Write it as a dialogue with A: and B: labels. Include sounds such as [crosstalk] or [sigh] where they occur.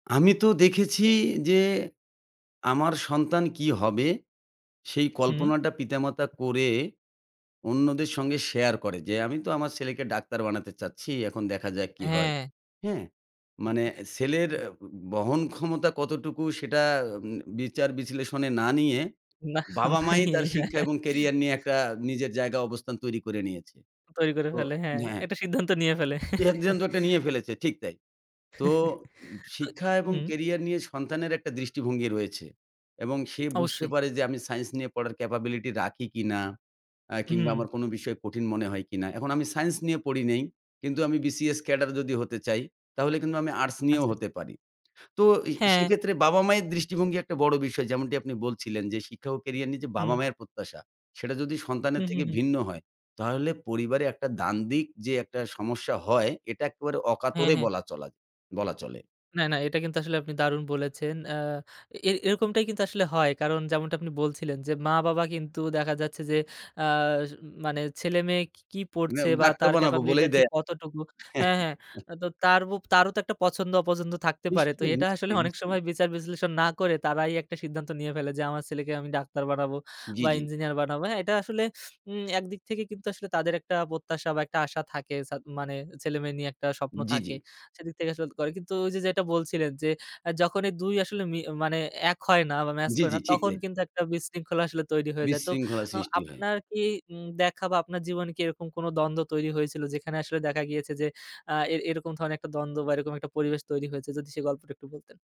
A: আমি তো দেখেছি যে আমার সন্তান কী হবে, সেই
B: হুম।
A: কল্পনাটা পিতা-মাতা করে অন্যদের সঙ্গে শেয়ার করে যে, "আমি তো আমার ছেলেকে ডাক্তার বানাতে চাচ্ছি, এখন দেখা যাক কী হয়।"
B: হ্যাঁ।
A: হ্যাঁ? মানে
B: [unintelligible]
A: ছেলের অ্যা বহন ক্ষমতা কতটুকু, সেটা অ্যা উম বিচার বিশ্লেষণে না নিয়ে
B: না।
A: বাবা-মাই তার শিক্ষা এবং ক্যারিয়ার নিয়ে একটা নিজের জায়গা অবস্থান তৈরি করে নিয়েছে।
B: তৈরি করে
A: তো
B: ফেলে, হ্যাঁ।
A: হ্যাঁ।
B: একটা সিদ্ধান্ত নিয়ে ফেলে।
A: নিয়ে
B: [chuckles]
A: ফেলেছে, ঠিক তাই। তো উম
B: [chuckles]
A: শিক্ষা
B: তো
A: এবং
B: হুম।
A: ক্যারিয়ার নিয়ে সন্তানের একটা দৃষ্টিভঙ্গি রয়েছে এবং সে বুঝতে
B: অবশ্যই।
A: পারে যে আমি সাইন্স নিয়ে পড়ার ক্যাপাবিলিটি রাখি কিনা অ্যা কিংবা
B: হুম।
A: আমার কোনো বিষয় কঠিন মনে হয় কিনা। এখন আমি সায়েন্স নিয়ে পড়ি নাই কিন্তু আমি BCS ক্যাডার যদি হতে চাই, তাহলে কিন্তু আমি আর্টস নিয়েও
B: আচ্ছা।
A: হতে পারি। তো এ
B: হ্যাঁ।
A: সেক্ষেত্রে বাবা-মায়ের দৃষ্টিভঙ্গি একটা বড় বিষয় যেমনটি আপনি বলছিলেন যে শিক্ষা ও ক্যারিয়ার নিয়ে যে
B: হুম।
A: বাবা-মায়ের প্রত্যাশা, সেটা যদি
B: হু,
A: সন্তানের
B: হু,
A: থেকে
B: হু।
A: ভিন্ন হয়, তাহলে পরিবারে একটা দ্বান্দ্বিক যে একটা সমস্যা হয়, এটা একেবারে
B: হ্যাঁ,
A: অকাতরে
B: হ্যাঁ।
A: বলা চলা বলা চলে।
B: না, না। এটা কিন্তু আসলে আপনি দারুণ বলেছেন। আ এর এরকমটাই কিন্তু আসলে হয়। কারণ যেমনটা আপনি বলছিলেন যে মা-বাবা কিন্তু দেখা যাচ্ছে যে আ মানে ছেলে-মেয়ে কী কী
A: না,
B: পড়ছে বা
A: ডাক্তার
B: তার
A: বানাবো
B: ক্যাপাবিলিটি টা
A: বলেই
B: ঠিক
A: দেয়।
B: কতটুকু হ্যাঁ, হ্যাঁ,
A: [chuckles]
B: আ তো তারও তারও তো একটা পছন্দ-অপছন্দ থাকতে পারে। তো
A: নিশ্চয়ই,
B: এটা আসলে
A: নিশ্চয়ই,
B: অনেক
A: নিশ্চয়ই।
B: সময় বিচার বিশ্লেষণ না করে, তারাই একটা সিদ্ধান্ত নিয়ে ফেলে যে আমার ছেলেকে আমি ডাক্তার বানাবো
A: জি,
B: বা
A: জি।
B: ইঞ্জিনিয়ার বানাবো। হ্যাঁ, এটা আসলে উম একদিক থেকে কিন্তু আসলে তাদের একটা প্রত্যাশা বা একটা আশা থাকে সাদ মানে ছেলে-মেয়ে নিয়ে একটা স্বপ্ন
A: জি, জি।
B: থাকে। সেদিক থেকে আসলে করে। কিন্তু ওই যে যেটা বলছিলেন যে অ্যা যখন এই ২ আসলে মি মানে অ্যা এক হয় না বা ম্যাচ
A: জি,
B: করে
A: জি।
B: না,
A: ঠিক
B: তখন
A: তাই।
B: কিন্তু একটা বিশৃঙ্খলা আসলে তৈরি হয়ে যায়। তো
A: বিশৃঙ্খলার
B: অ
A: সৃষ্টি হয়।
B: আপনার কি উম দেখা বা আপনার জীবনে কি এরকম কোনো দ্বন্দ্ব তৈরি হয়েছিল, যেখানে আসলে দেখা গিয়েছে যে অ্যা এ এরকম ধরনের একটা দ্বন্দ্ব বা এরকম একটা পরিবেশ তৈরি হয়েছে? যদি সে গল্পটা একটু বলতেন?